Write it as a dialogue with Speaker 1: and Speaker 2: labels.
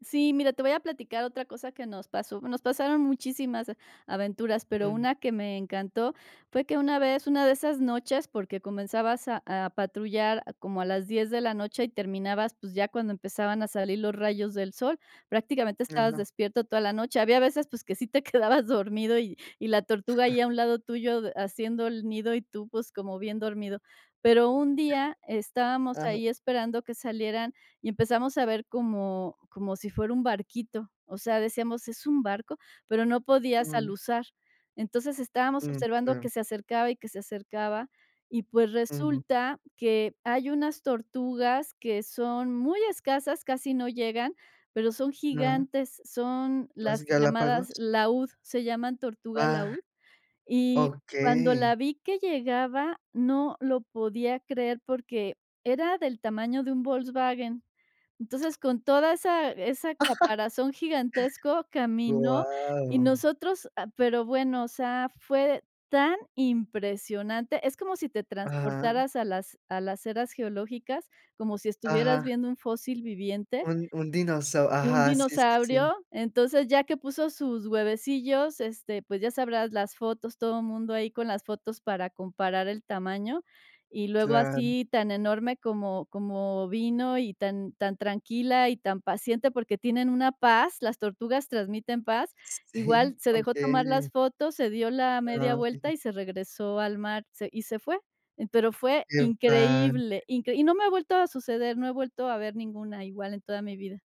Speaker 1: Sí, mira, te voy a platicar otra cosa que nos pasó. Nos pasaron muchísimas aventuras, pero
Speaker 2: Mm.
Speaker 1: una que me encantó fue que una vez, una de esas noches, porque comenzabas a a patrullar a como a las 10 de la noche, y terminabas, pues, ya cuando empezaban a salir los rayos del sol, prácticamente estabas
Speaker 2: Ajá.
Speaker 1: despierto toda la noche. Había veces, pues, que sí te quedabas dormido y y la tortuga
Speaker 2: Ajá.
Speaker 1: ahí a un lado tuyo, de haciendo el nido y tú, pues, como bien dormido. Pero un día, estábamos
Speaker 2: Ajá. Ajá.
Speaker 1: ahí esperando que salieran, y empezamos a ver como como si fuera un barquito, o sea, decíamos: "¿Es un barco", pero no podías
Speaker 2: Mm.
Speaker 1: aluzar. Entonces, estábamos
Speaker 2: Mm,
Speaker 1: observando
Speaker 2: claro.
Speaker 1: que se acercaba, y que se acercaba, y pues
Speaker 2: Ujú.
Speaker 1: resulta que hay unas tortugas, que son muy escasas, casi no llegan, pero son
Speaker 2: Ajá
Speaker 1: gigantes, son
Speaker 2: ¿Las
Speaker 1: las llamadas
Speaker 2: Galápagos?
Speaker 1: laúd, se llaman tortuga
Speaker 2: Ah,
Speaker 1: laúd. Y cuando
Speaker 2: okey.
Speaker 1: la vi que llegaba, no lo podía creer, porque era del tamaño de un Volkswagen. Entonces, con toda esa esa caparazón gigantesco, caminó y
Speaker 2: Guau.
Speaker 1: nosotros ah, pero bueno, o sea, fue tan impresionante. Es como si te
Speaker 2: Ajá.
Speaker 1: transportaras a las a las eras geológicas, como si estuvieras
Speaker 2: Ajá.
Speaker 1: viendo un fósil viviente
Speaker 2: Un un dinosau
Speaker 1: un
Speaker 2: ajá, sí, sí, sí.
Speaker 1: dinosaurio. Entonces, ya que puso sus huevecillos, este, pues ya sabrás, las fotos, todo mundo ahí con las fotos, para comparar el tamaño, y luego
Speaker 2: Claro.
Speaker 1: así, tan enorme como como vino, y tan tan tranquila, y tan paciente, porque tienen una paz, las tortugas transmiten paz, igual
Speaker 2: Sí,
Speaker 1: se dejó tomar
Speaker 2: okey.
Speaker 1: las fotos, se dio la media
Speaker 2: Ah.
Speaker 1: vuelta
Speaker 2: [unintelligible]
Speaker 1: y se regresó al mar, se y se fue. Eh, pero fue
Speaker 2: Qué [unintelligible]
Speaker 1: increíble, incre y no me ha vuelto a suceder, no he vuelto a ver ninguna igual en toda mi vida.